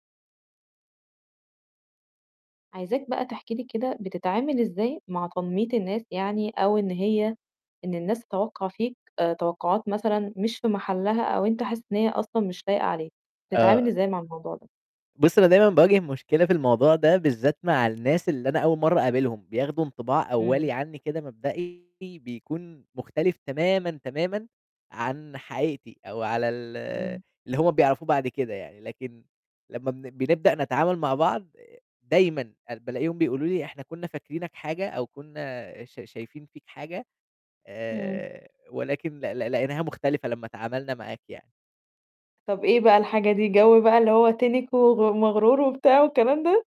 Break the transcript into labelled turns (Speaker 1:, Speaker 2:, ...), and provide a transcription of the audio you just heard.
Speaker 1: عايزاك بقى تحكي لي كده، بتتعامل إزاي مع تنمية الناس يعني أو إن هي إن الناس تتوقّع فيك آآ توقعات مثلًا مش في محلها أو أنت حاسس إن هي أصلًا مش لايقة عليك،
Speaker 2: آآ
Speaker 1: بتتعامل إزاي مع الموضوع ده.
Speaker 2: بُصي أنا دايمًا باواجه مشكلة في الموضوع ده بالذات مع الناس اللي أنا أوّل مرّة اقابلهم، بياخدوا انطباع أوّلي
Speaker 1: إمم.
Speaker 2: عنّي كده مبدئي بيكون مختلف تمامًا، تمامًا عن حقيقتي أو على ال
Speaker 1: إمم.
Speaker 2: اللي هُم بيعرفوا بعد كده يعني، لكن لمّا بن بنبدأ نتعامل مع بعض دايمًا آآ بالاقيهم بيقولوا لي إحنا كنّا فاكرينك حاجة أو كنّا ش شايفين فيك حاجة
Speaker 1: إمم.
Speaker 2: آآ ولكن ل ل لقيناها مختلفة لمّا اتعَاملنا معاك يعني.
Speaker 1: طب إيه بقى الحاجة دي، جو بقى اللي هو تِنِك وم مغرور وبتاعه والكلام ده؟